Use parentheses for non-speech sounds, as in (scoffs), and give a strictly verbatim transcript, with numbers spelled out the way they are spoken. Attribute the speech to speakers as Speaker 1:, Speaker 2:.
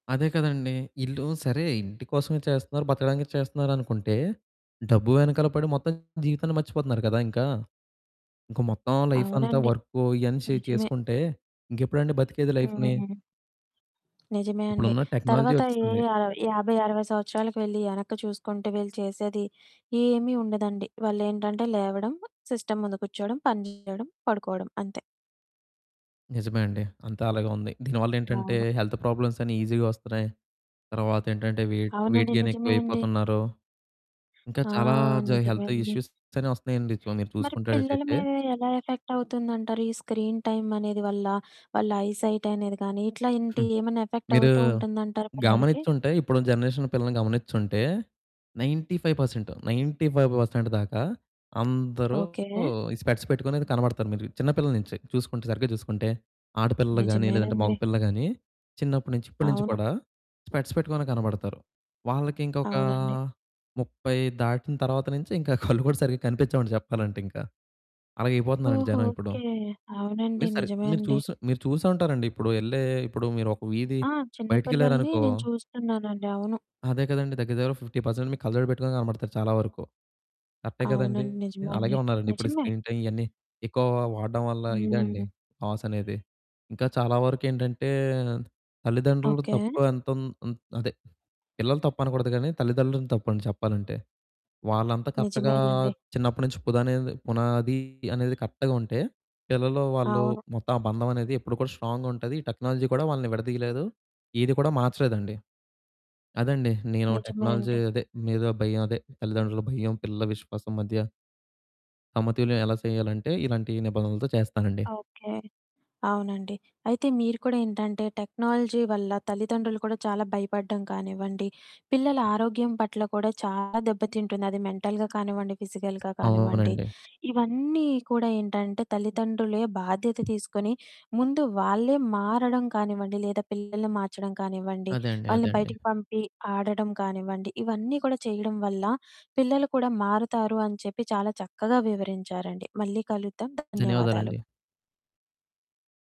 Speaker 1: అదే కదండీ. ఇల్లు సరే ఇంటి కోసమే చేస్తన్నారు, బతకడానికి చేస్తన్నారనుకుంటే, డబ్బు వెనకాల పడి మొత్తం జీవితాన్ని మర్చిపోతున్నారు కదా! ఇంకా. ఇంక మొత్తం లైఫంతా
Speaker 2: అవునండి.
Speaker 1: వర్కు, ఇయన్నీ చే
Speaker 2: నిజమే.
Speaker 1: చేసుకుంటే, ఇంకెప్పుడండి బతికేది లైఫ్‌ని?
Speaker 2: హ్మ్. నిజమే అండి.
Speaker 1: ఇప్పుడున్న టెక్నాలజీ
Speaker 2: తర్వాత ఏ
Speaker 1: వచ్చేసింది.
Speaker 2: యా యాబై, అరవై సంవత్సరాలకు వెళ్లి, ఎనక్కి చూసుకుంటే, వీళ్ళు చేసేది ఏమి ఉండదండి. వాళ్ళేంటంటే లేవడం, సిస్టమ్ ముందు కూర్చోవడం, పని చేయడం, పడుకోడం అంతే.
Speaker 1: నిజమే అండి. అంతా అలాగే ఉంది. దీనివల్లేంటంటే,
Speaker 2: అవును.
Speaker 1: హెల్త్ ప్రాబ్లమ్స్ అన్నీ ఈజీగా వస్తున్నాయి, తర్వాత ఏంటంటే, వెయిట్ వెయిట్
Speaker 2: అవునండి. నిజమే అండి.
Speaker 1: గెయినెక్కువైపోతున్నారు, ఇంకా
Speaker 2: ఆ!
Speaker 1: చాలా జా
Speaker 2: నిజమే
Speaker 1: హెల్త్
Speaker 2: అండి.
Speaker 1: ఇష్యూసని వస్తున్నాయండి, చు మీరు
Speaker 2: మరి పిల్లల
Speaker 1: చూసుకుండేటట్టయితే.
Speaker 2: మీద, ఎలా ఎఫెక్ట్ అవుతుందంటారు? ఈ స్క్రీన్ టైమనేది వల్ల, వాళ్ళ ఐ సైటనేది గాని, ఇట్లా ఇంటి
Speaker 1: (scoffs)
Speaker 2: ఏమైనా ఎఫెక్ట్
Speaker 1: మీరూ
Speaker 2: అవుతూ ఉంటుందంటారా పిల్లలకి?
Speaker 1: గమనిచ్చుంటే, ఇప్పుడున్న జనరేషన్ పిల్లల్ని గమనిచ్చుంటే, ninety five percent, ninety five percent దాకా, అందరూ
Speaker 2: ఓకే.
Speaker 1: ఈ స్పెక్ట్స్ పెట్టుకునయితే కనబడతారు, మీరు చిన్న పిల్లల నుంచి. చూసుకుంటే సరిగ్గా చూసుకుంటే, ఆడపిల్లలు గాని, లేదంటే
Speaker 2: నిజమేనండి.
Speaker 1: మగపిల్లలు గానీ, చిన్నప్పడునుంచి ఇప్పడునుంచి
Speaker 2: అవును.
Speaker 1: కూడా, స్పెక్ట్స్ పెట్టుకునే కనబడతారు. వాళ్ళకి ఇంకొకా
Speaker 2: అవునండి.
Speaker 1: ముప్పై దాటిన తరువాత నుంచి, ఇంకా (chuckles) కళ్ళు కూడా సరిగా కనిపిచ్చవండి, చెప్పాలంటే ఇంకా. అలగయిపోతున్నారండి
Speaker 2: ఓహో!
Speaker 1: జనం ఇప్పుడు.
Speaker 2: ఓకే. అవునండి.
Speaker 1: మీరు సరి
Speaker 2: నిజమే
Speaker 1: మీరు
Speaker 2: అండి.
Speaker 1: చూసు మీరు చూసే ఉంటారండి, ఇప్పుడు ఎళ్ళే ఇప్పుడు మీరొక వీధి
Speaker 2: ఆ! చిన్నపిల్లల్ని
Speaker 1: బయటికెళ్లారనుకో
Speaker 2: నేను చూస్తున్నానండి. అవును.
Speaker 1: అదే కదండీ, దగ్గర దగ్గర, ఫిఫ్టీ పర్సెంట్ మీకు కళ్ళజోడు పెట్టుకొని కనపడతారు, చాలా వరకు. కరెక్టే కదండీ.
Speaker 2: అవునండి. నిజమే
Speaker 1: అలాగే
Speaker 2: అండి.
Speaker 1: ఉన్నారండి, ఇప్పుడు ఈ
Speaker 2: నిజమే.
Speaker 1: స్క్రీన్ టైమ్ ఇయన్నీ, ఎక్కువ వాడడం వల్ల, ఇదండి
Speaker 2: హ్మ్.
Speaker 1: లాసనేది. ఇంకా చాలా వరకేంటంటే, తల్లిదండ్రులు
Speaker 2: ఓకే.
Speaker 1: తప్పు ఎంతున్ హ్మ్, అదే. పిల్లల తప్పనకూడదు గానీ, తల్లిదండ్రుల తప్పండి చెప్పాలంటే. వాళ్ళంతా కరెక్ట్‌గా
Speaker 2: నిజమేనండి.
Speaker 1: చిన్నప్పడు నుంచి, పుదనేది పునాది అనేది కరెక్ట్‌గా ఉంటే, పిల్లలూ వాళ్ళు,
Speaker 2: అవును.
Speaker 1: మొత్తం ఆ బంధమనేది ఎప్పుడు కూడా స్ట్రాంగ్‌గా ఉంటది, ఈ టెక్నాలజీ కూడా వాళ్ళని విడదీయలేదు, ఏది కూడా మార్చలేదండి. అదండీ, నేను
Speaker 2: నిజమే
Speaker 1: టెక్నాలజీ
Speaker 2: అండి.
Speaker 1: అదే, మీద భయం అదే, తల్లిదండ్రుల భయం, పిల్లల విశ్వాసం మధ్య... సమతుల్యం ఎలా సేయాలంటే, ఇలాంటి నిబంధనలతో చేస్తానండి.
Speaker 2: ఆ! ఓకే. అవునండి. అయితే మీరు కూడా ఏంటంటే, టెక్నాలజీ వల్ల తల్లిదండ్రులు కూడా చాలా భయపడ్డం కానివ్వండి, పిల్లల ఆరోగ్యం పట్ల కూడా చాలా దెబ్బతింటుంది, అది మెంటల్‌గా కానివ్వండి, ఫిజికల్‌గా కానివ్వండి,
Speaker 1: అవునండి.
Speaker 2: ఇవన్నీ కూడా ఏంటంటే, తల్లిదండ్రులే బాధ్యత తీసుకొని, ముందు వాళ్ళే మారడం కానివ్వండి, లేదా పిల్లల్ని మార్చడం కానివ్వండి,
Speaker 1: అదే అండి. అదే
Speaker 2: వాళ్ళని
Speaker 1: అండి.
Speaker 2: బయటకి పంపి, ఆడడం కానివ్వండి, ఇవన్నీ కూడా చేయడం వల్ల, పిల్లలు కూడా మారుతారు అని చెప్పి, చాలా చక్కగా వివరించారండి. మళ్ళీ కలుద్దాం. ధన్యవాదాలు.
Speaker 1: ధన్యవాదాలండి.